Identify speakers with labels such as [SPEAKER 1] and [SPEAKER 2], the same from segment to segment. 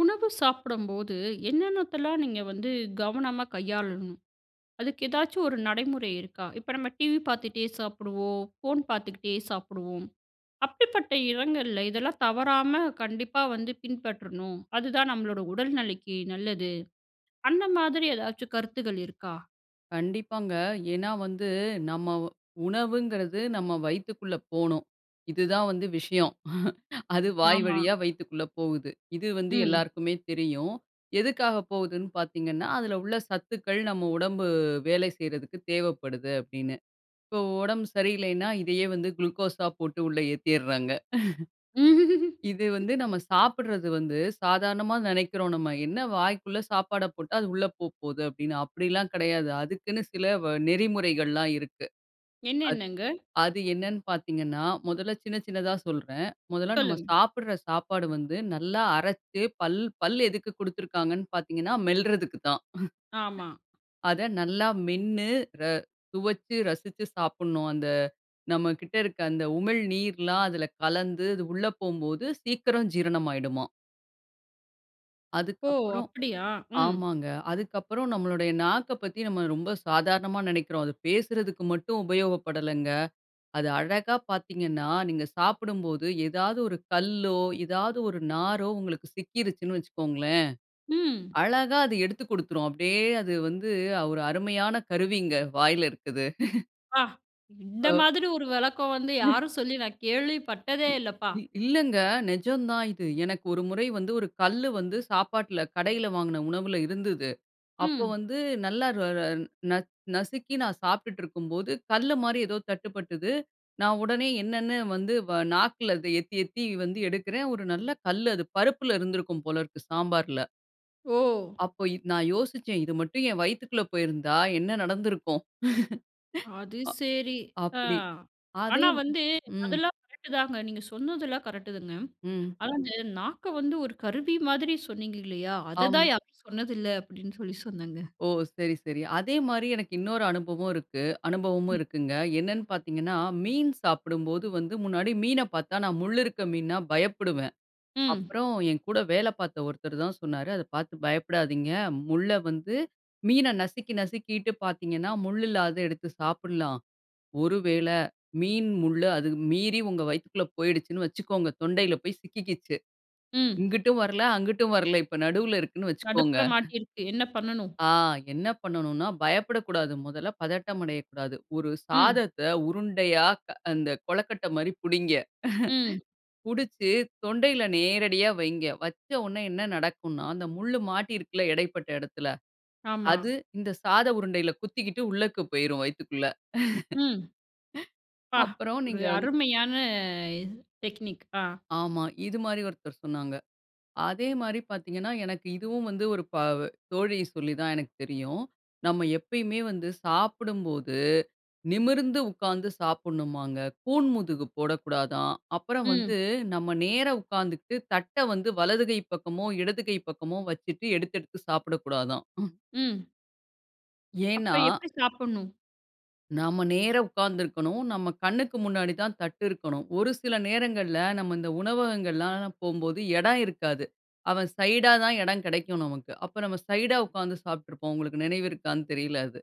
[SPEAKER 1] உணவு சாப்டம்போது என்னென்னத்தெல்லாம் நீங்க வந்து கவனமா கையாளணும்? அதுக்கு ஏதாச்சும் ஒரு நடைமுறை இருக்கா? இப்ப நம்ம டிவி பார்த்துட்டே சாப்புடுவோம், ஃபோன் பார்த்துகிட்டே சாப்புடுவோம், அப்டிப்பட்ட எடங்கள்ல இதெல்லாம் தவறாம கண்டிப்பா வந்து பின்பற்றணும். அதுதான் நம்மளோட உடல் நெலைக்கி நல்லது. அந்த மாதிரி எதாச்சும் கருத்துகள் இருக்கா?
[SPEAKER 2] கண்டிப்பாங்க. ஏன்னா வந்து நம்ம உணவுங்றது நம்ம வயித்துக்குள்ள போனும். இது தான் வந்து விஷயம். அது வாய்
[SPEAKER 1] ஆமா.
[SPEAKER 2] வழியா வயித்துக்குள்ள போகுது. இது வந்து
[SPEAKER 1] ம்.
[SPEAKER 2] எல்லாருக்குமே தெரியும். எதுக்காக போகுதுன்னு பார்த்தீங்கன்னா, அதுல உள்ள சத்துக்கள் நம்ம உடம்பு வேலை செய்றதுக்கு தேவைப்படுது அப்டின்னு. இப்போ உடம்பு சரியில்லைன்னா இதையே வந்து குளுக்கோஸ்‌ஸா போட்டு உள்ள ஏத்திர்றாங்க.
[SPEAKER 1] ம்ஹ்ஹ்ம்.
[SPEAKER 2] இது வந்து நம்ம சாப்ட்றது வந்து சாதாரணமா நெனைக்கிறோம் நம்ம. என்ன வாய்க்குள்ள சாப்பாட போட்டா, அது உள்ள போப்போகுது அப்டின்னு. அப்டிலாம் கெடையாது. அதுக்குன்னு சில வ நெறிமுறைகள்லாம் இருக்கு. அது,
[SPEAKER 1] என்னென்னங்க?
[SPEAKER 2] அது என்னன்னு பார்த்தீங்கன்னா மொதல்ல சின்ன சின்னதா சொல்றேன். மொதல்ல நம்ம
[SPEAKER 1] சொல்லுங்க.
[SPEAKER 2] சாப்ட்ற சாப்பாடு வந்து நல்லா அரச்சு பல் பல் எதுக்கு குடுத்திருக்காங்கன்னு பார்த்தீங்கன்னா, மெல்றதுக்குதான்.
[SPEAKER 1] ஆமா.
[SPEAKER 2] அத நல்லா மென்னு, ர சுவச்சு, ரசிச்சு சாப்ட்னும். அந்த நம்மகிட்ட இருக்க அந்த உமிழ் நீர்லாம் அதுல கலந்து அது உள்ள போம்போது சீக்கிரம் ஜீரணம் ஆயிடுமாம்.
[SPEAKER 1] ஓ!
[SPEAKER 2] அதுக்கப்புறம்
[SPEAKER 1] அப்படியா? ம்
[SPEAKER 2] ஆமாங்க. அதுக்கப்புறம் நம்முடைய நாக்கப் பத்தி நாம ரொம்ப சாதாரணமா நெனைக்கிறோம். அது பேசுறதுக்கு மட்டும் உபயோகப்படலங்க. அது அழகா பார்த்தீங்கன்னா, நீங்க சாப்பிடும்போது ஏதாவது ஒரு கல்லோ, ஏதாவது ஒரு நாரோ, உங்களுக்கு சிக்கிருச்சுன்னு வச்சுக்கோங்களேன்,
[SPEAKER 1] ம்.
[SPEAKER 2] அழகா அதை எடுத்துக் குடுத்துரும். அப்படியே அது வந்து, ஒரு அருமையான கருவிங்க வாயில இருக்குது.
[SPEAKER 1] ப்பா! இந்த
[SPEAKER 2] அ.
[SPEAKER 1] மாதிரி ஒரு விளக்கம் வந்து, யாரும் சொல்லி நான் கேள்விப்பட்டதே
[SPEAKER 2] இ
[SPEAKER 1] இல்லப்பா.
[SPEAKER 2] இ இல்லைங்க நெஜம் தான் இது. எனக்கு ஒரு முறை வந்து 1 கல்லு வந்து சாப்பாட்டில, கடையில வாங்கின உணவில இருந்தது. அப்போ
[SPEAKER 1] ம்.
[SPEAKER 2] வந்து நல்லா ர ர ந நசுக்கி நான் சாப்பிட்டுட்ருக்கும்போது, கல்லு மாரி எதோ தட்டுப்பட்டுது. நான் உடனே என்னென்னு வந்து வ நாக்கில அதை எத்தி எத்தி வந்து எடுக்கிறேன், ஒரு நல்ல கல்லு அது. பருப்பில இருந்திருக்கும் போல இருக்கு, சாம்பாருல.
[SPEAKER 1] ஓ!
[SPEAKER 2] அப்போ, இது நான் யோசிச்சேன், "இது மட்டும் என் வயித்துக்குள்ள போயிருந்தா என்ன நடந்திருக்கும்?"
[SPEAKER 1] அது சரி. ஆ.
[SPEAKER 2] அ-அப்படி! அதே
[SPEAKER 1] ஆனா வந்து
[SPEAKER 2] ம்.
[SPEAKER 1] அதெல்லாம் கரெக்ட் தாங்க. நீங்க சொன்னதெல்லாம் கரெக்ட் தாங்க.
[SPEAKER 2] ம்.
[SPEAKER 1] "ஆனா, அந்த நாக்க வந்து ஒரு கருவி மாதிரி சொன்னீங்க இல்லையா? அதை
[SPEAKER 2] ஆமா.
[SPEAKER 1] தான் யாரும் சொன்னதில்லை." அப்படீன்னு சொல்லி சொன்னேங்க.
[SPEAKER 2] ஓ! சரி, சரி. அதே மாரி எனக்கு இன்னொரு அனுபவம் இருக்கு அனுபவமும்
[SPEAKER 1] ம்.
[SPEAKER 2] இருக்குங்க. என்னன்னு பார்த்தீங்கன்னா, மீன் சாப்பிடும்போது வந்து முன்னாடி மீனை பார்த்தா, நான் முள் இருக்க மீன்னா பயப்படுவேன்.
[SPEAKER 1] ம்.
[SPEAKER 2] அப்புறம் என் கூட வேல பார்த்த ஒருத்தர் தான் சொன்னாரு, "அத பார்த்து பயப்படாதீங்க, முள்ளை வந்து மீனை நசுக்கி நசுக்கிட்டு பார்த்தீங்கன்னா, முள் இல்லாதத எடுத்து சாப்பிடலாம். ஒரு வேளை மீன் முள் அது மீறி, உங்க வயித்துக்குள்ள போயிடுச்சுன்னு வச்சுக்கோங்க, தொண்டையில போய் சிக்கிக்கிச்சு,
[SPEAKER 1] ம்.
[SPEAKER 2] இங்கிட்டும் வரல, அங்கிட்டும் வரல, இப்போ நடுவில இருக்குன்னு வச்சுக்கோங்க."
[SPEAKER 1] நடுப்புற மாட்டியிருக்கு. என்ன பண்ணனும்?
[SPEAKER 2] "ஆ என்ன பண்ணணும்னா, பயப்படக்கூடாது. முதல்ல பதட்டம் அடையக்கூடாது. ஒரு
[SPEAKER 1] ம்.
[SPEAKER 2] சாதத்த உருண்டையா க அந்த கொழக்கட்டை மாரி புடிங்க.
[SPEAKER 1] ம்.
[SPEAKER 2] புடிச்சு தொண்டையில நேரடியா வைங்க. வச்ச உடனே என்ன நடக்கும்ன்னா, அந்த முள்ளு மாட்டி இருக்குல்ல இடைப்பட்ட இடத்தில,
[SPEAKER 1] ஆமா.
[SPEAKER 2] அது இந்த சாத உருண்டையில குத்திக்கிட்டு உள்ளக்கு போயிரும் வயித்துக்குள்ள."
[SPEAKER 1] ம். ப்பா!
[SPEAKER 2] அப்பறம்,
[SPEAKER 1] ஒரு
[SPEAKER 2] நீங்க வந்
[SPEAKER 1] அருமையான டெக்னிக். ஆ.
[SPEAKER 2] ஆமா. இது மாரி ஒருத்தர் சொன்னாங்க. அதே மாரி பார்த்தீங்கன்னா, எனக்கு இதுவும் வந்து ஒரு ப தோழி சொல்லி தான் எனக்கு தெரியும். நம்ம எப்பயுமே வந்து சாப்பிடும்போது நிமிர்ந்து உட்கார்ந்து சாப்பிடணுமாங்க. கூன் முதுகு போடக்கூடாதாம். அப்பறம்
[SPEAKER 1] ம்.
[SPEAKER 2] வந்து, நம்ம நேரா உட்கார்ந்துகிட்டு தட்ட வந்து வலது கை பக்கமோ, இடது கை பக்கமோ வச்சிட்டு எடுத்து எடுத்து சாப்பிடக்கூடாதாம்.
[SPEAKER 1] ம். அப்ப
[SPEAKER 2] ஏன்னா
[SPEAKER 1] எப்டி சாப்புடணும்?
[SPEAKER 2] நம்ப நேரா உட்கார்ந்து இருக்கணும். நம்ம கண்ணுக்கு முன்னாடி தான் தட்டு இருக்கணும். ஒரு சில நேரங்கள்ல நம்ப இந்த உணவகங்கள்லாம் நான் போகும்போது இடம் இருக்காது. அவன் சைடா தான் இடம் கிடைக்கும் நமக்கு. அப்போ நம்ம சைடா உட்கார்ந்து சாப்பிட்ருப்போம். உங்களுக்கு நினைவு இருக்கான்னு தெரில அது.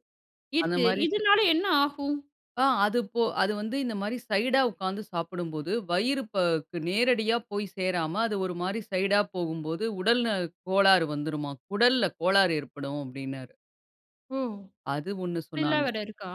[SPEAKER 2] அந்த
[SPEAKER 1] இருக்கு.
[SPEAKER 2] மாதிரி ச...
[SPEAKER 1] இதுனால என்ன ஆகும்?
[SPEAKER 2] ஆ அது போ அது வந்து இந்த மாரி சைடா உட்கார்ந்து சாப்பிடும்போது, வயிறு ப க்கு நேரடியா போய் சேராம, அது ஒரு மாரி சைடா போகும்போது உடல்ல கோளாறு வந்துருமாம், குடல்ல கோளாறு ஏற்படும் அப்டீனாரு.
[SPEAKER 1] ஓ!
[SPEAKER 2] அது ஒண்ணு
[SPEAKER 1] அப்டிலாம்
[SPEAKER 2] சொன்னாங்க.
[SPEAKER 1] வேற இருக்கா.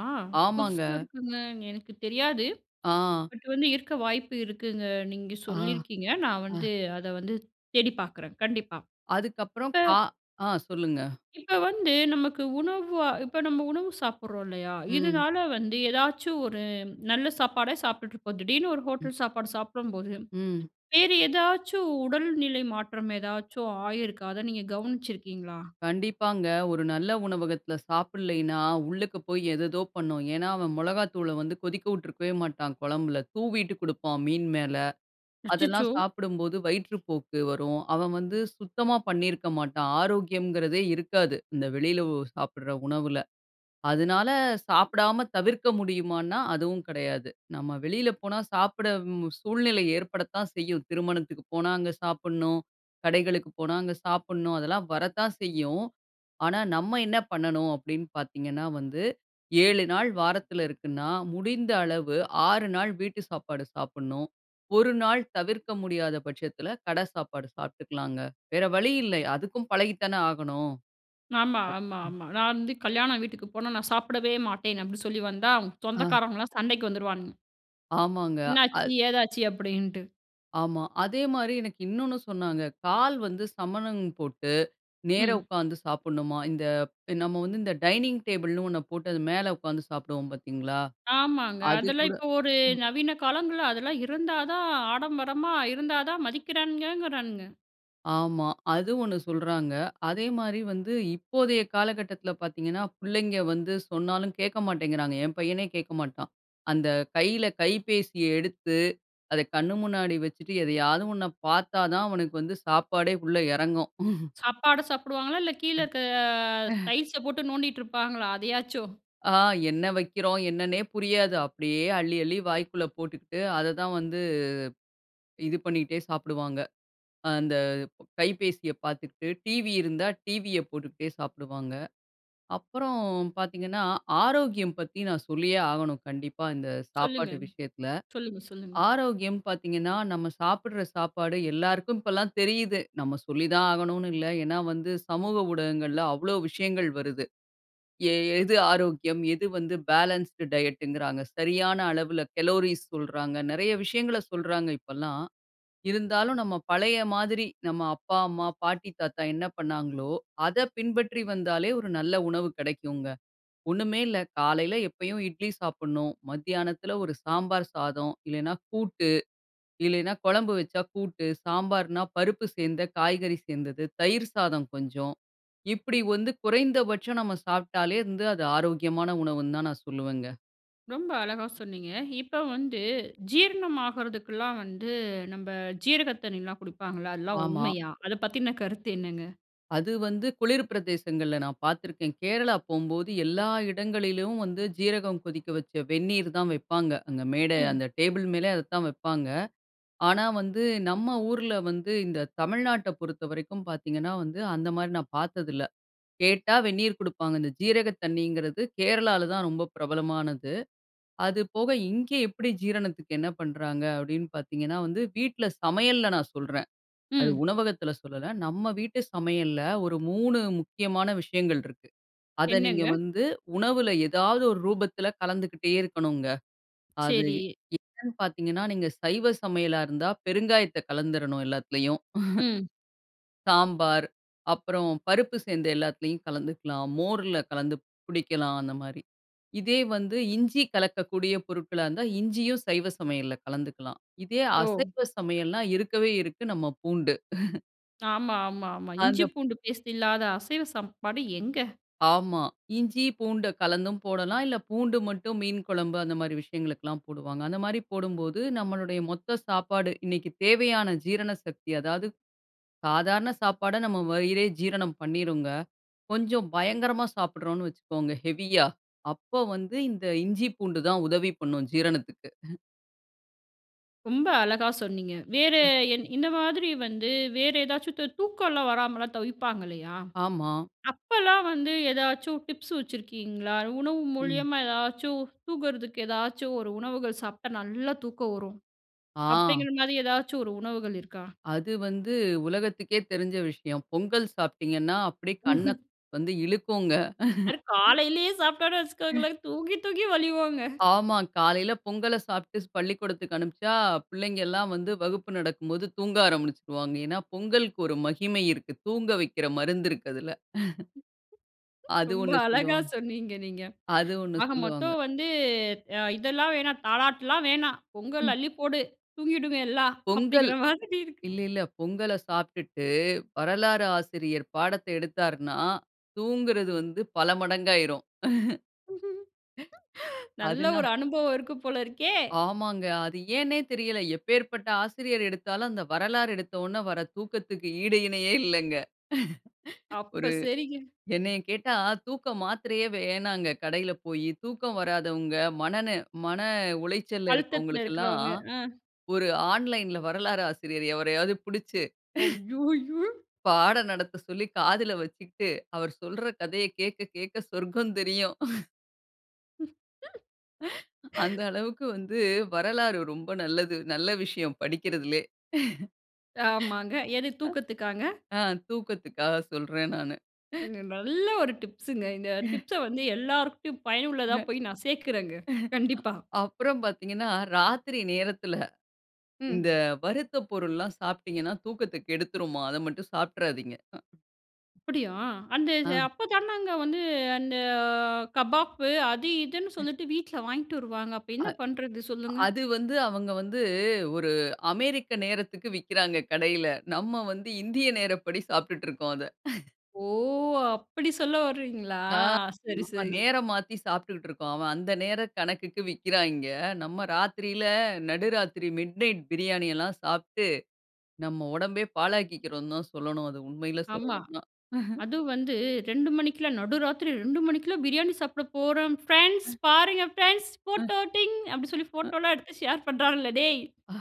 [SPEAKER 2] ஆமாங்க.
[SPEAKER 1] புதுசா இருக்குங்க. எனக்கு தெரியாது.
[SPEAKER 2] ஆ.
[SPEAKER 1] பட் வந்து இருக்க வாய்ப்பு இருக்குங்க. நீங்க
[SPEAKER 2] ஆ,
[SPEAKER 1] சொல்லியிருக்கீங்க, நான் வந்து
[SPEAKER 2] அ.
[SPEAKER 1] அத வந்து தேடி பார்க்குறேன். கண்டிப்பா.
[SPEAKER 2] அதுக்கப்புறம் கா
[SPEAKER 1] இப்ப...
[SPEAKER 2] ஆ சொல்லுங்க.
[SPEAKER 1] இப்ப வந்து, நமக்கு உணவா இப்ப நம்ப உணவு சாப்பிடுறோம் இல்லயா,
[SPEAKER 2] ம்.
[SPEAKER 1] இதுனால வந்து ஏதாச்சும் ஒரு நல்ல சாப்பாடே சாப்பிட்டுட்டு இருப்போம். திடீர்னு ஒரு
[SPEAKER 2] ம்.
[SPEAKER 1] ஹோட்டல் சாப்பாடு சாப்பிடும்போது
[SPEAKER 2] ம்.
[SPEAKER 1] வேற ஏதாச்சும் உடல்நிலை மாற்றம் ஏதாச்சும் ஆகியிருக்கா? அத நீங்க கவனிச்சு இருக்கீங்களா?
[SPEAKER 2] கண்டிப்பாங்க. ஒரு நல்ல உணவகத்துல சாப்பிடலைன்னா, உள்ளுக்க போய் ஏதேதோ பண்ணும். ஏனா, அவன் மிளகாய்த்தூளை வந்து கொதிக்க விட்டுருக்கவே மாட்டான், குழம்பில. தூவிட்டு குடுப்பான் மீன் மேல.
[SPEAKER 1] அச்சச்சோ!
[SPEAKER 2] அதெல்லாம் சாப்பிடும்போது, வயிற்றுப்போக்கு வரும். அவன் வந்து சுத்தமா பண்ணியிருக்க மாட்டான். ஆரோக்கியம்ங்கிறதே இருக்காது. இந்த வெளியில ஒ சாப்பிடுற உணவுல. அதுனால சாப்பிடாம தவிர்க்க முடியுமான்னா, அதுவும் கிடையாது. நம்ப வெளியில போனா சாப்பிட ம் சூழ்நிலை ஏற்படத்தான் செய்யும். திருமணத்துக்கு போனா அங்க சாப்பிடணும். கடைகளுக்கு போனா அங்க சாப்பிடணும். அதெல்லாம் வரத்தான் செய்யும். ஆனா, நம்ப என்ன பண்ணணும் அப்டீன்னு பாத்தீங்கன்னா வந்து, 7 வாரத்துல இருக்குன்னா, முடிந்த அளவு 6 வீட்டு சாப்பாடு சாப்பிடணும். 1 தவிர்க்க முடியாத பட்சத்துல கட சாப்பாடு சாப்பிட்டுக்கலாங்க. வேற வழி இல்லை, அதுக்கும் பழகி தானே ஆகணும். அப்
[SPEAKER 1] ஆமா-ஆமா
[SPEAKER 2] ம்.
[SPEAKER 1] ஆமா. "நான் வந்து கல்யாண வீட்டுக்கு போனா நான் சாப்பிடவே மாட்டேன்." அப்டி சொல்லி வந்தா
[SPEAKER 2] ஆ.
[SPEAKER 1] சொந்தக்காரவுங்கலாம் சண்டைக்கு வந்துருவான்ங்க.
[SPEAKER 2] ஆமாங்க.
[SPEAKER 1] என்னாச்சு,
[SPEAKER 2] அத்
[SPEAKER 1] ஏதாச்சு அப்பிடின்ட்டு.
[SPEAKER 2] ஆமா. அதேமாரி எனக்கு இன்னொன்னு சொன்னாங்க. கால் வந்து சமணம் போட்டு, நேர
[SPEAKER 1] ம்.
[SPEAKER 2] உக்கார்ந்து சாப்பட்னுமா இந்த நம்ம வந்து இந்த டைனிங் டேபிள்ன்னு ஒண்ணு போட்டு அது மேல உட்கார்ந்து சாப்டுவோம் பார்த்தீங்களா?
[SPEAKER 1] ஆமாங்க.
[SPEAKER 2] அது
[SPEAKER 1] அதெல்லாம்
[SPEAKER 2] கூட
[SPEAKER 1] இப்ப ஒரு
[SPEAKER 2] ம்.
[SPEAKER 1] நவீன காலங்கள்ல அதெல்லாம் இருந்தா தான் ஆடம்பரமா இருந்தா தான் மதிக்கிறானுங்கங்குறானுங்க.
[SPEAKER 2] ஆமா. அது ஒண்ணு சொல்றாங்க. அதேமாரி வந்து இப்போதைய காலகட்டத்துல பார்த்தீங்கன்னா, புள்ளைங்க வந்து சொன்னாலும் கேட்க மாட்டேங்கிறாங்க. என் பையனே கேட்க மாட்டான். அந்த கையில கைபேசிய எடுத்து, அத கண்ணு முன்னாடி வச்சுட்டு எதையாவது ஒன்ன பார்த்தா தான் அவனுக்கு வந்து சாப்பாடே உள்ள இறங்கும்.
[SPEAKER 1] சாப்பாடு சாப்டுவாங்களா இல்ல கீழ இருக்க டைல்ஸ போட்டு நோண்டிட்டு இருப்பாங்களா! அதையாச்சும்.
[SPEAKER 2] ஆ. என்ன வைக்கிறோம். என்னன்னே புரியாது. அப்டியே அள்ளி, அள்ளி வாய்க்குள்ள போட்டுக்கிட்டு, அத தான் வந்து இது பண்ணிக்கிட்டே சாப்டுவாங்க. அ அந்த கைபேசிய பார்த்துக்கிட்டு, டிவி இருந்தா டிவிய போட்டுக்கிட்டே சாப்பிடுவாங்க. அப்புறம் பார்த்தீங்கன்னா, ஆரோக்கியம் பத்தி நான் சொல்லியே ஆகணும். கண்டிப்பா இந்த
[SPEAKER 1] சொல்லுங்க.
[SPEAKER 2] சாப்பாட்டு விஷயத்துல.
[SPEAKER 1] சொல்லுங்க, சொல்லுங்க.
[SPEAKER 2] ஆரோக்கியம் பார்த்தீங்கன்னா, நம்ம சாப்பட்ற சாப்பாடு எல்லாருக்கும் இப்பல்லாம் தெரியுது. நம்ம சொல்லித்தான் ஆகணுனு இல்ல. ஏன்னா, வந்து சமூக ஊடகங்கள்ல அவ்ளோ விஷயங்கள் வருது. எ எது ஆரோக்கியம், எது வந்து பேலன்ஸ்ட் டயட்டுங்கிறாங்க. சரியான அளவுல கலோரிஸ் சொல்றாங்க. நிறைய விஷயங்கள சொல்றாங்க இப்பல்லாம். இருந்தாலும் நம்ம பழைய மாதிரி, நம்ம அப்பா, அம்மா, பாட்டி, தாத்தா என்ன பண்ணாங்களோ! அத பின்பற்றி வந்தாலே ஒரு நல்ல உணவு கிடைக்குங்க. ஒண்ணுமே இல்ல காலையில எப்பயும் இட்லி சாப்புட்ணும். மத்தியானத்துல ஒரு சாம்பார் சாதம் இல்லன்னா, கூட்டு இல்லேன்னா குழம்பு வச்சா கூட்டு, சாம்பார்ன்னா, பருப்பு சேர்ந்த காய்கறி சேர்ந்தது. தயிர் சாதம் கொஞ்சம். இப்பிடி வந்து குறைந்தபட்சம் நம்ம சாப்டாலே வந்து அது ஆரோக்கியமான உணவுன்தான் நான் சொல்லுவங்க.
[SPEAKER 1] ரொம்ப அழகா சொன்னீங்க. இப்ப வந்து ஜீரணம் ஆகுறதுக்கெல்லாம் வந்து நம்ப ஜீரக தண்ணீல்லாம் குடிப்பாங்கள்ல. அதெல்லாம்
[SPEAKER 2] ஆமா.
[SPEAKER 1] உண்மையா? அத பத்தின கருத்து என்னங்க?
[SPEAKER 2] அது வந்து குளிர் பிரதேசங்கள்ல நான் பார்த்துருக்கேன். கேரளா போம்போது எல்லா இடங்களிலும் வந்து சீரகம் கொதிக்க வச்ச வெந்நீர் தான் வைப்பாங்க. அங்க மேடை
[SPEAKER 1] ம்.
[SPEAKER 2] அந்த டேபிள் மேலே அதைதான் வப்பாங்க. ஆனா வந்து, நம்ம ஊர்ல வந்து இந்த தமிழ்நாட்ட பொறுத்தவரைக்கும் பார்த்தீங்கன்னா வந்து, அந்தமாரி நான் பார்த்ததில்ல. கேட்டா வெந்நீர் கொடுப்பாங்க. இந்த ஜீரக தண்ணீங்கிறது கேரளால தான் ரொம்ப பிரபலமானது. அதுபோக இங்கே எப்பிடி ஜீரணத்துக்கு என்ன பண்றாங்க அப்பிடின்னு பார்த்தீங்கன்னா, வந்து வீட்ல சமையல்ல நான் சொல்றேன். அது
[SPEAKER 1] ம்.
[SPEAKER 2] உணவகத்தில சொல்லல. நம்ம வீட்டு சமையல்ல ஒரு 3 முக்கியமான விஷயங்கள் இருக்கு. அத நீங்க
[SPEAKER 1] என்னங்க?
[SPEAKER 2] வந்து உணவுல ஏதாவது ஒரு ரூபத்தில கலந்துக்கிட்டே இருக்கணுங்க. அது
[SPEAKER 1] சரி.
[SPEAKER 2] என்னன்னு பார்த்தீங்கன்னா, நீங்க சைவ சமையலா இருந்தா பெருங்காயத்த கலந்துரணும், எல்லாத்திலயும்.
[SPEAKER 1] ம்.
[SPEAKER 2] சாம்பார், அப்புறம் பருப்பு சேர்ந்த எல்லாத்துலயும் கலந்துக்கலாம், மோர்ல கலந்து குடிக்கலாம், அந்தமாரி. இதே வந்து இஞ்சி கலக்கக்கூடிய பொருட்களா இருந்தா, இஞ்சியும் சைவ சமையல்ல கலந்துக்கலாம். இதே
[SPEAKER 1] ஓ!
[SPEAKER 2] அசைவ சமையல்ன்னா, இருக்கவே இருக்கு நம்ம பூண்டு
[SPEAKER 1] ஆமா, ஆமா, ஆமா. இஞ்சி,
[SPEAKER 2] அந்தப்
[SPEAKER 1] பூண்டு பேஸ்ட் இல்லாத அசைவ சாப்பாடு எங்க?
[SPEAKER 2] ஆமா. இஞ்சி, பூண்ட கலந்தும் போடலாம். இல்ல, பூண்டு மட்டும் மீன் குழம்பு அந்த மாதிரி விஷயங்களுக்குல்லாம் போடுவாங்க. அந்த மாரி போடும்போது, நம்மளுடைய மொத்த சாப்பாடு, இன்னைக்கு தேவையான ஜீரண சக்தி, அதாவது சாதாரண சாப்பாட, நம்ப வயிறே ஜீரணம் பண்ணீருங்க. கொஞ்சம் பயங்கரமா சாப்பிடுறோன்னு வச்சிக்கோங்க, ஹெவியா அப்போ வந்து இந்த இஞ்சி, பூண்டு தான் உதவி பண்ணும் ஜீரணத்துக்கு.
[SPEAKER 1] ரொம்ப அழகா சொன்னீங்க. வேற
[SPEAKER 2] ம்.
[SPEAKER 1] என் இந்த மாதிரி வந்து வேற ஏதாச்சும் து தூக்கம்லாம் வராமலாம் தவிப்பாங்க இல்லயா?
[SPEAKER 2] ஆமா.
[SPEAKER 1] அப்பலாம் வந்து ஏதாச்சும் டிப்ஸ் வச்சிருக்கீங்களா? உணவு
[SPEAKER 2] ம்.
[SPEAKER 1] மூலியமா எதாச்சும் தூங்கறதுக்கு, ஏதாச்சும் ஒரு உணவுகள் சாப்ட்டா நல்லா தூக்கம் வரும்,
[SPEAKER 2] ஆ.
[SPEAKER 1] அப்டீங்குற மாரி ஏதாச்சும் ஒரு உணவுகள் இருக்கா?
[SPEAKER 2] அது வந்து உலகத்துக்கே தெரிஞ்ச விஷயம். பொங்கல் சாப்ட்டீங்கன்னா, அப்டியே கண்ண, வந்து இழுக்குங்க. ம்.
[SPEAKER 1] அது காலைலயே சாப்ட்டோம்னு வைச்சிக்கோங்களேன், தூங்கி தூக்கி வழிவோங்க.
[SPEAKER 2] ஆமா, காலைல பொங்கல சாப்ட்டு பள்ளிக்கூடத்துக்கு அனுப்பிச்சா, பிள்ளைங்கல்லாம் வந்து வகுப்பு நடக்கும்போது தூங்க ஆரம்பிச்சுருவாங்க ஏன்னா, பொங்கல்க்கு ஒரு மகிமை இருக்கு. தூங்க வைக்கிற மருந்து இருக்கு அதுல. அது
[SPEAKER 1] ரொம்ப
[SPEAKER 2] ஒண்ணு
[SPEAKER 1] அழகா
[SPEAKER 2] சொல்லுவாங்க.
[SPEAKER 1] சொன்னீங்க நீங்க.
[SPEAKER 2] அது ஒண்ணு
[SPEAKER 1] ஆக
[SPEAKER 2] சொல்லுவாங்க.
[SPEAKER 1] மொத்தம் வந்து அ இதெல்லாம் வேணாம், தாலாட்டுலாம் வேணாம், பொங்கல்
[SPEAKER 2] ம்.
[SPEAKER 1] அள்ளி போடு, தூங்கிடுங்க எல்லாம்.
[SPEAKER 2] பொங்கல்
[SPEAKER 1] அப்டீங்குற மாதிரி இருக்கு.
[SPEAKER 2] இல்ல இல்ல. பொங்கல சாப்ட்டுட்டு வரலாறு ஆசிரியர் பாடத்த எடுத்தாருன்னா, தூங்குறது வந்து பல மடங்காயிரும்.
[SPEAKER 1] நல்ல
[SPEAKER 2] அதுனா.
[SPEAKER 1] ஒரு அனுபவம் இருக்கு போல இருக்கே!
[SPEAKER 2] ஆமாங்க. அது ஏன்னே தெரியல. எப்பேர்ப்பட்ட ஆசிரியர் எடுத்தாலும், அந்த வரலாறு எடுத்தோன்ன வர தூக்கத்துக்கு ஈடு இணையே இல்லங்க.
[SPEAKER 1] அப்ப
[SPEAKER 2] ஒரு
[SPEAKER 1] சரிங்க.
[SPEAKER 2] என்னைய கேட்டா, தூக்க மாத்திரையே வேண்ணாங்க. கடையில போயி தூக்கம் வராதவங்க, மன நெ மன உளைச்சல்ல
[SPEAKER 1] அழுத்தத்துல
[SPEAKER 2] இருக்கவங்களுக்கெல்லாம்,
[SPEAKER 1] இருக்குறவங்க. அ.
[SPEAKER 2] ஒரு ஆன்லைன்‌ல வரலாறு ஆசிரியர் எவரயாவது புடிச்சி.
[SPEAKER 1] அய்யோ யோ!
[SPEAKER 2] பாடம் நடத்த சொல்லி காதுல வச்சிக்ட்டு அவர் சொல்ற கதைய கேக்க கேட்க சொர்க்கம் தெரியும். அந்த அளவுக்கு வந்து வரலாறு ரொம்ப நல்லது. நல்ல விஷயம் படிக்கிறதுலேயே.
[SPEAKER 1] ஆமாங்க எது தூக்கத்துக்காங்க?
[SPEAKER 2] ஆ தூக்கத்துக்காக சொல்றேன் நானு.
[SPEAKER 1] நல்ல ஒரு டிப்ஸ்ங்க. இந்த டிப்ஸ்‌ஸ வந்து எல்லார்கிட்டயும் பயனுள்ளதா போய் நான் சேர்க்குறேங்க. கண்டிப்பா.
[SPEAKER 2] அப்புறம் பார்த்தீங்கன்னா ராத்திரி நேரத்துல, இந்த
[SPEAKER 1] ம்.
[SPEAKER 2] வறுத்த பொருள்லாம் சாப்பிட்டீங்கன்னா தூக்கத்த கெடுத்துருமா அத மட்டும் சாப்ட்றாதீங்க.
[SPEAKER 1] அப்டியா அந்த ச
[SPEAKER 2] ஆ.
[SPEAKER 1] அப்ப தானங்க வந்து, அந்த கபாப்பு அது இதுன்னு
[SPEAKER 2] ம்.
[SPEAKER 1] சொல்லிட்டு வீட்ல வாங்கிட்டு வருவாங்க. அப்போ
[SPEAKER 2] அ
[SPEAKER 1] என்ன பண்றது? சொல்லுங்க.
[SPEAKER 2] அது வந்து அவங்க வந்து ஒரு அமெரிக்க நேரத்துக்கு விக்கிறாங்க கடையில. நம்ம வந்து இந்திய நேரப்படி சாப்புட்டுட்ருக்கோம் அத.
[SPEAKER 1] ஓ! அப்டி சொல்ல வர்றீங்களா?
[SPEAKER 2] ஆ
[SPEAKER 1] சரி,
[SPEAKER 2] நம்ம
[SPEAKER 1] சரி.
[SPEAKER 2] நேரம் மாத்தி சாப்பிட்டுருக்கோம். அவன் அந்த நேரம் கணக்குக்கு விக்கிறாங்க. நம்ம ராத்திரியில நடுராத்திரி மிட்நைட் பிரியாணி எல்லாம் சாப்ட்டு நம்ம ஒடம்பையே பாழாக்கிகிறோம்னு தான் சொல்லனும். அது உண்மையிலயே
[SPEAKER 1] ஆமா.
[SPEAKER 2] சொல்லனும்னா.
[SPEAKER 1] அதுவும் வந்து 2 மணிக்குள்ள நடு ராத்திரி 2 மணிக்குள்ள பிரியாணி சாப்பிட போறோம் ஃபிரெண்ட்ஸ்,
[SPEAKER 2] ம்.
[SPEAKER 1] பாருங்க ஃபிரெண்ட்ஸ்.
[SPEAKER 2] ம்.
[SPEAKER 1] போட்டோ ட்டிங் அப்டினு சொல்லி
[SPEAKER 2] ஆ.
[SPEAKER 1] போட்டோல்லாம் எடுத்து ஷேர் பண்றாங்களே! டேய்,
[SPEAKER 2] அ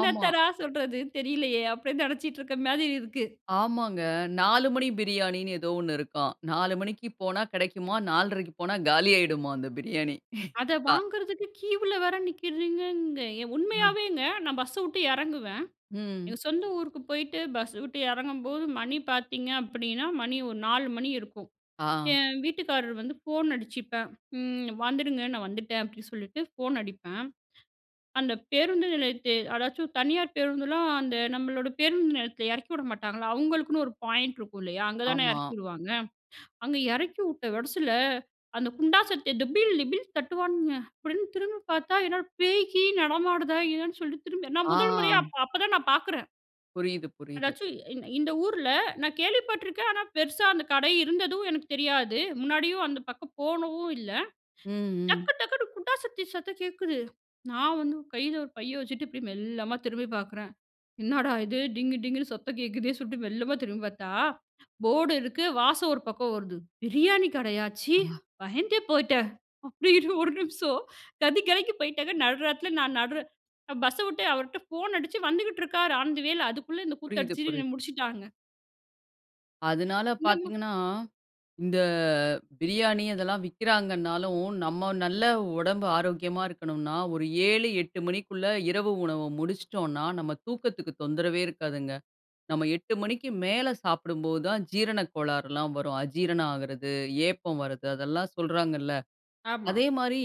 [SPEAKER 2] ஆமா.
[SPEAKER 1] சொல்றது தெரியலையே! அப்டினு நெனச்சுக்கிட்ருக்குற மாரி இருக்கு.
[SPEAKER 2] ஆமாங்க. 4 மணி பிரியாணினு ஏதோ ஒன்னு இருக்காம். 4 மணிக்கு போனா கெடைக்குமாம், 4 1/2க்கு போனா காலியாகிடுமாம் அந்த பிரியாணி.
[SPEAKER 1] அத
[SPEAKER 2] ப
[SPEAKER 1] வாங்குறதுக்கு கியூவ்ல வேற நிக்கிறீங்கங்க
[SPEAKER 2] அ.
[SPEAKER 1] உண்மையாவேங்க நான் பஸ்ஸ விட்டு எறங்குவேன்,
[SPEAKER 2] ம்.
[SPEAKER 1] எங்க சொந்த ஊருக்கு போய்ட்டு பஸ்ஸ விட்டு எறங்கும்போது மணி பார்த்திங்க அப்டின்னா, மணி ஒரு 4 மணி இருக்கும்.
[SPEAKER 2] ஆ.
[SPEAKER 1] என் வீட்டுக்காரர் வந்து ஃபோன் அடிச்சிப்பேன். ம் வந்துடுங்க, நான் வந்துட்டேன் அப்டின்னு சொல்லிட்டு ஃபோன் அடிப்பேன். அந்த பேருந்து நிலையத்த அதாச்சும் தனியார் பேருந்துலாம் அந்த நம்மளோட பேருந்து நிலையத்துல எறக்கி விட மாட்டாங்களா, அவங்களுக்குன்னு ஒரு பாயிண்ட் இருக்கும் இல்லையா? அங்க தானே
[SPEAKER 2] ஆமா.
[SPEAKER 1] எறக்கிவிடுவாங்க. அங்க எறக்கி விட்ட வெரஸ்ல அந்த குண்டா சத்ததை டிபில், டிபில் தட்டுவானுங்க. அப்டின்னு திரும்பி பார்த்தா, என்னடா பேய் கீய் நடமாடுதா? என்னனு சொல்லிட்டு திரும்பி நான்
[SPEAKER 2] ஆ.
[SPEAKER 1] 1 முறையா, அப்-அப்பதான் நான் பார்க்குறேன்.
[SPEAKER 2] புரியிது, புரியிது.
[SPEAKER 1] அதாச்சும் இந் இந்த ஊர்ல நான் கேள்விப்பட்டிருக்கேன். ஆனா, பெருசா அந்த கடை இருந்ததும் எனக்குத் தெரியாது. முன்னாடியும் அந்த பக்கம் போனதும் இல்ல.
[SPEAKER 2] ம், ம்.
[SPEAKER 1] டக்கு டக்குன்னு குண்டா சட்டி சத்தம் கேட்குது. நான் வந்து கையில ஒரு பைய வச்சுட்டு இப்டி மெல்லமா திரும்பி பார்க்கிறேன்."என்னடா இது! டிங்கு டிங்குன்னு சத்தம் கேட்குதேன்னு!" சொல்லிட்டு மெல்லமா திரும்பி பார்த்தா, போர்டு இருக்கு வாசம் ஒரு பக்கம் வருது பிரியாணி கடையா? ச்சீ,
[SPEAKER 2] ஆ.
[SPEAKER 1] பயந்தே போயிட்டேன் அப்படின்னு ஒரு நிமிஷம் கதி கலங்கிபோய்ட்டங்க. நடுராத்திரில நான் நடுரா பஸ்ஸ விட்டு அவர்கிட்ட ஃபோன் அடிச்சு வந்துகிட்டு இருக்காரு, ஆன் த வே ல அதுக்குள்ளே இந்த கூத்து
[SPEAKER 2] புரியுது-
[SPEAKER 1] அடிச்சுட்டு
[SPEAKER 2] புரியுது.
[SPEAKER 1] என்ன முடிச்சுட்டாங்க.
[SPEAKER 2] அதனால
[SPEAKER 1] இந்த மா
[SPEAKER 2] பார்த்தீங்கன்னா, இந்த பிரியாணி இதெல்லாம் விக்கிறாங்கன்னாலும், நம்ம நல்ல உடம்பு ஆரோக்கியமா இருக்கணும்னா, ஒரு 7 8 மணிக்குள்ள இரவு உணவ முடிச்சுட்டோம்னா, நம்ம தூக்கத்துக்கு தொந்தரவே இருக்காதுங்க. நம்ம 8 மணிக்கு மேலே சாப்பிடும்போது தான் ஜீரண கோளாறுலாம் வரும். அஜீரணம் ஆகுறது, ஏப்பம் வர்றது அதெல்லாம் சொல்றாங்கல்ல.
[SPEAKER 1] ஆமா.
[SPEAKER 2] அதேமாதிரி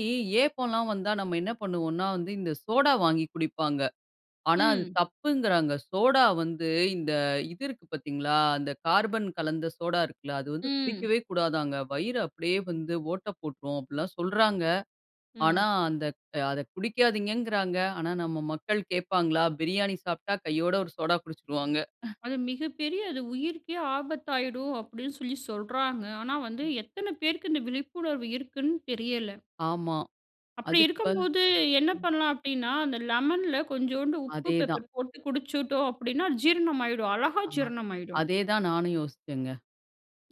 [SPEAKER 2] ஏப்பம்லாம் வந்தா, நம்ம என்ன பண்ணுவோனா, வந்து இந்த சோடா வாங்கி குடிப்பாங்க. ஆனா அது
[SPEAKER 1] ம்.
[SPEAKER 2] தப்புங்க்கிறாங்க. சோடா வந்து இந்த இது இருக்கு பார்த்தீங்களா? அந்த கார்பன் கலந்த சோடா இருக்குல்ல அது வந்து
[SPEAKER 1] ம்
[SPEAKER 2] குடிக்கவே கூடாதாங்க! "வயிறு அப்டியே வந்து ஓட்டை போட்டுரும்" அப்படிலாம் சொல்றாங்க. ஆனா,
[SPEAKER 1] ம்.
[SPEAKER 2] அந்த அத குடிக்காதீங்கங்கறாங்க. ஆனா நம்ம மக்கள் கேப்பாங்களா? பிரியாணி சாப்பிட்டா, கையோட ஒரு சோடா குடிச்சுருவாங்க.
[SPEAKER 1] அது மிகப்பெரிய அது உயிர்க்கே ஆபத்தாயிடும் அப்படின்னு சொல்லி சொல்றாங்க. ஆனா, வந்து எத்தனை பேருக்கு இந்த விழிப்புணர்வு இருக்குன்னு தெரியல.
[SPEAKER 2] ஆமா
[SPEAKER 1] அப்டி
[SPEAKER 2] அதுக்கு இப்ப
[SPEAKER 1] இருக்கும்போது என்ன பண்ணலாம் அப்டின்னா, அந்த லெமன்ல கொஞ்சோண்டு உப்பு
[SPEAKER 2] அதேதான்.
[SPEAKER 1] பெப்பர் போட்டு குடிச்சுட்டோம் அப்டின்னா, ஜீரணம் ஆயிடும், அழகா
[SPEAKER 2] அ
[SPEAKER 1] ஜீரணம் ஆயிடும்.
[SPEAKER 2] அதே தான் நானும் யோசிச்சேங்க.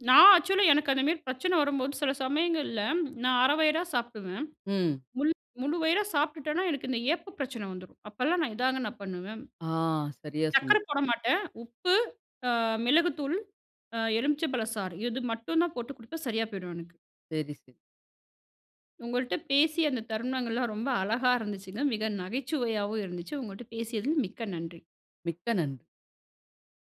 [SPEAKER 1] நான் ஆக்சுவல் லா எனக்கு அந்த மாதிரி பிரச்சனை வரும்போது சில சமயங்கள்ல நான் 1/2 வயிறா சாப்பிடுவேன்.
[SPEAKER 2] ம்.
[SPEAKER 1] மு முழு வயிறா சாப்பிட்டுட்டேனா, எனக்கு இந்த ஏப்பப் பிரச்சனை வந்துரும். அப்பல்லாம் நான் இதாங்க நான் பண்ணுவேன்.
[SPEAKER 2] ஆ, சரியா சொன்னீங்க.
[SPEAKER 1] சர்க்கரை போட மாட்டேன் உப்பு, அ மிளகுத்தூள், அ எலுமிச்சை பழ சாறு, இது மட்டும் தான் போட்டு குடிப்பேன், சரியா போய்டும் எனக்கு.
[SPEAKER 2] சரி, சரி.
[SPEAKER 1] உங்கள்ட்ட பேசிய அந்த தருணங்கள்லாம் ரொம்ப அழகா இருந்துச்சுங்க. மிக நகைச்சுவையாவும் இருந்துச்சு. உங்கள்ட்ட பேசியதில் மிக்க நன்றி.
[SPEAKER 2] மிக்க நன்றி.